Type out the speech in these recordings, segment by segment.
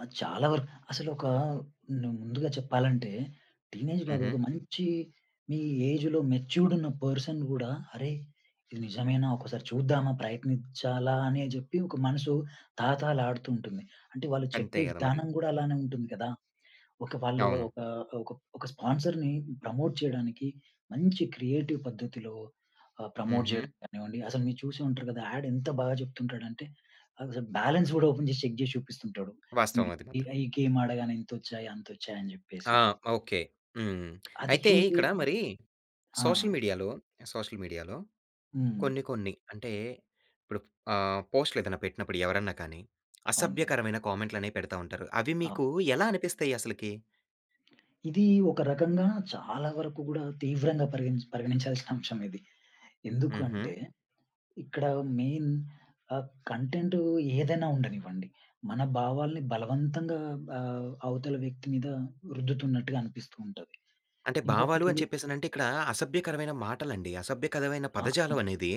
ఆహ్, చాలా వరకు అసలు ఒక న్ ముందుగా చెప్పాలంటే. టీనేజ్‌లో అది ఒక హుహు. మంచి మీ ఏజ్‌లో మెచ్యూర్డ్ ఉన్న పర్సన్ గూడా అరేయ్! ఇది నిజమేనా? ఒక్కసారి చూద్దామా ప్రయత్నిచ్చాలా అని జెప్పి ఒక మనసు తహాతహాలాడుతూంటుంది. అంటే వాళ్ళు అంతే చెప్పే కదా మరి! విధానం గూడా అలానే ఉంటుంది కదా! ఒక వాళ్ళు అవును. ఒక ఒక ఒక స్పాన్సర్‌ని ప్రమోట్ చేయడానికి మంచి క్రియేటివ్ పద్ధతిలో ఆహ్, ప్రమోట్ హుహు. చేయడం గానివ్వండి. అసలు మీరు చూసే ఉంటారు కదా. యాడ్ ఎంత బాగా చెప్తుంటాడంటే అసలు బాలన్స్ కూడా ఓపెన్ జేసి చెక్ చేసి చూపిస్తుంటాడు. వాస్తవం ఈడు హ్మ్. అది మాత్రం. ఇగ ఈ గేమ్ ఆడగానే ఇంతొచ్చాయి అంతొచ్చాయి అని జెప్పేసి. ఆ! ఓకే. హ్మ్. అది అయితే చూసి ఇక్కడ మరీ ఆ! సోషల్ మీడియాలో, సోషల్ మీడియాలో హ్మ్. కొన్ని, కొన్ని అంటే ఇప్పుడు ఆ పోస్ట్‌లు ఏదైనా పెట్టినప్పుడు ఎవరన్నా కానీ అవును. అసభ్యకరమైన కామెంట్‌లనేవి పెడతా ఉంటారు. అవి అవును. మీకు ఎలా అనిపిస్తాయి అసలకి? ఇది ఒక రకంగా చాలా వరకు గూడా తీవ్రంగా పరిగణి పరిగణించాల్సిన అంశం ఇది. ఎందుకు హుహు. అంటే? ఇక్కడ మెయిన్ ఆహ్, కంటెంట్ ఏదైనా ఉండనివ్వండి. మన భావాల్ని బలవంతంగా ఆహ్, అవతల వ్యక్తి మీద రుద్దుతున్నట్టుగా అనిపిస్తూ ఉంటది. అంటే భావాలు ఇంకొకటి అని చెప్పేసనంటే ఇక్కడ అసభ్యకరమైన మాటలండి. అసభ్యకరమైన ఆ! పదజాలం అనేది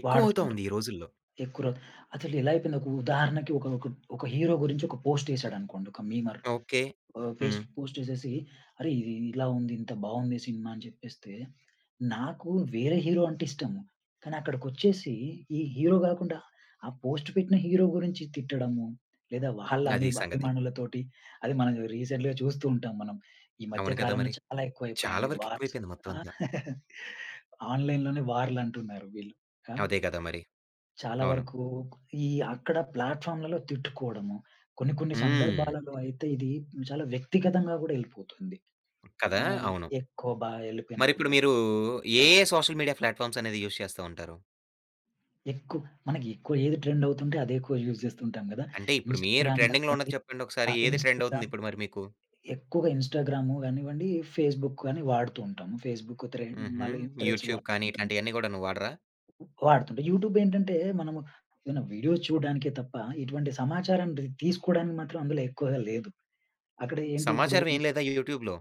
ఎక్కువ వాడుతుంటాం. అవుతోంది ఈ రోజుల్లో. ఎక్కురో అసలు ఎలా అయిపోయింది? ఒక ఉదాహరణకి ఒక ఒక ఒక హీరో గురించి ఒక పోస్ట్ యేసాడనుకోండి ఒక మీమర్ ఓకే. ఆహ్, పెస్ హ్మ్. ఫేస్‌బుక్ పోస్ట్ యేసేసి అరేయ్! ఇ ఇలా ఉంది. ఇంత బావుంది సినిమా అని చెప్పేస్తే నాకు వేరే హీరో అంటే ఇష్టం. కానీ అక్కడికొచ్చేసి ఈ హీరో గాకుండా ఆ పోస్ట్ పెట్టిన హీరో గురించి తిట్టడము. లేదా వాళ్ళ అది అమీబా సంగతి. అభిమానులతోటి అది మనం రీసెంటలీ‌గా చూస్తూ ఉంటాం మనం. ఈ మధ్య అవును కదా కాలంలో మరి! చాలా చాలా ఎక్కువైపోయాయండి వరకు వార్స్. ఎక్కువైపోయింది మొత్తం అంతా. ఆన్‌లైన్‌లోనే వార్‌లంటున్నారు వీళ్ళు ఆహ్, అదే కదా మరి. చాలా అవును. వరకు ఈ అక్కడ ప్లాట్‌ఫార్మ్‌లలో తిట్టుకోవడము. కొన్ని కొన్ని హ్మ్. సందర్భాలలో అయితే ఇది చాలా వ్యక్తిగతంగా గూడా యెళ్ళిపోతుంది. కదా! ఆహ్, అవును. ఎక్కువ బా యెళ్ళిపోయినప్పుడు మరిప్పుడు గానీ మీరు ఏ ఏ సోషల్ మీడియా ప్లాట్‌ఫార్మ్స్ అనేది యూజ్ చేస్తా ఉంటారు? ఎక్కు మనకి ఎక్కువ ఏది ట్రెండ్ అవుతుంటే అది ఎక్కువ యూజ్ చేస్తుంటాం గదా! అంటే ఇప్పుడు మీరు ఇన్స్‌స్టాగ్రామ్ ట్రెండింగ్‌లో కానివ్వండి. ఉన్నది చెప్పండి ఒకసారి. ఆహ్, ఏది ట్రెండ్ అవుతుంది ఇన్స్‌స్టాగ్రామ్ ఇప్పుడు మరి మీకు? ఎక్కువగా ఇన్స్‌స్టాగ్రామ్ గానివ్వండి ఫేస్‌బుక్‌గాని వాడుతూ ఉంటాం. ఫేస్‌బుక్‌ త్రే హుహు. మళ్ళీ థ్రెడ్స్ యూట్యూబ్ వాడుతూ కానీ ఉంటాం. ఇట్లాంటియన్నీ కూడాను వాడరా? వాడుతుంటాం. యూట్యూబ్ ఏంటంటే? మనము ఏదన్నా వీడియోస్ చూడడానికే తప్ప ఇటువంటి సమాచారాన్ని రీ తీసుకోవడానికి మాత్రం అందులో ఎక్కువగా లేదు. అక్కడ ఏంటి ఇప్పుడు సమాచారం ఏం లేదా యూట్యూబ్‌లో?